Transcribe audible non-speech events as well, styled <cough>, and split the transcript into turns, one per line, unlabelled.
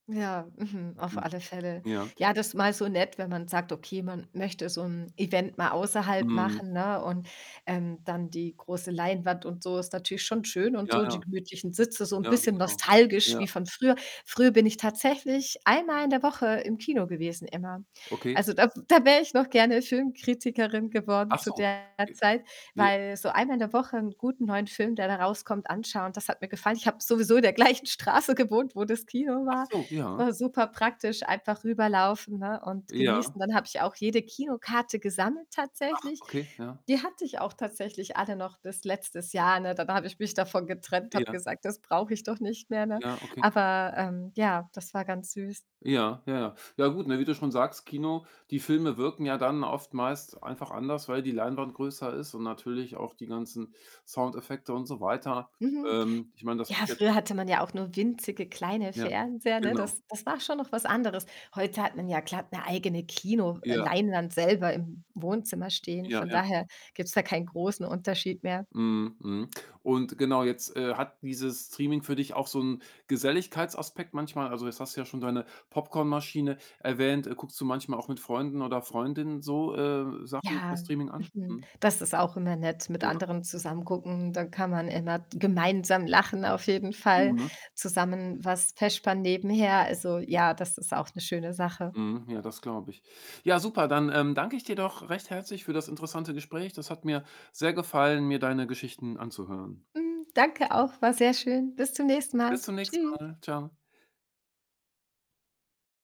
Ja, mhm, auf
Mhm.
alle Fälle.
Ja.
Ja, das mal so nett, wenn man sagt, okay, man möchte so 'n Event mal außerhalb
Mhm.
machen, ne, und, ähm, dann die große Leinwand, und so, ist natürlich schon schön, und
Ja,
so, die
ja.
gemütlichen Sitze, so 'n
Ja,
bisschen
genau.
nostalgisch
Ja.
wie von früher. Früher bin ich tatsächlich einmal in der Woche im Kino gewesen immer.
Okay.
Also da da wär ich noch gerne Filmkritikerin geworden
Ach
zu
so.
der Zeit,
J ja.
weil so einmal in der Woche 'n guten neuen Film, der da rauskommt, anschauen, das hat mir gefallen. Ich habe sowieso in der gleichen Straße gewohnt, wo das Kino
Ach
war.
so,
Es
ja.
war superpraktisch, einfach rüberlaufen, ne, und
Ja.
genießen. Dann habe ich auch jede Kinokarte gesammelt
Ach,
tatsächlich.
okay, ja.
Die hatte ich auch tatsächlich alle noch bis letztes Jahr, ne? Dann habe ich mich davon getrennt, habe
Ja.
gesagt, „das brauche ich doch nicht mehr“, ne?
Ja, okay.
Aber, ähm, ja, das war ganz süß.
Ja, ja, ja. Ja gut, ne, wie du schon sagst, Kino, die Filme wirken ja dann oft meist einfach anders, weil die Leinwand größer ist und natürlich auch die ganzen Soundeffekte und so weiter.
Mhm.
Ähm, Ich meine, das
Ja,
<unintelligible>
früher hatte man ja auch nur winzige kleine
Ja,
Fernseher, ne?
genau.
Das das war schon noch was anderes. Heute hat man ja glatt 'ne eigene Kino äh,
Ja.
Leinwand selber im Wohnzimmer stehen,
Ja,
von
ja.
daher gibt's da keinen großen Unterschied mehr.
Mhm, mhm und genau, jetzt, äh, hat dieses Streaming für dich auch so 'n Geselligkeitsaspekt manchmal? Also jetzt hast du ja schon deine Popcornmaschine erwähnt. Guckst du manchmal auch mit Freunden oder Freundinnen so, äh, Sachen per
Ja,
Streaming an?
mhm,
Mhm.
das ist auch immer nett, mit
Genau.
anderen zusammen gucken. Dann kann man immer gemeinsam lachen auf jeden Fall,
Mhm.
zusammen was vespern nebenher. Also, ja, das ist auch 'ne schöne Sache.
Mhm. Ja, das glaube ich. Ja, super, dann, ähm, danke ich dir doch recht herzlich für das interessante Gespräch. Das hat mir sehr gefallen, mir deine Geschichten anzuhören.
Hm, danke auch, war sehr schön. Bis zum nächsten
Bis
Mal.
zum nächsten
Tschüss.
Mal. Tschau.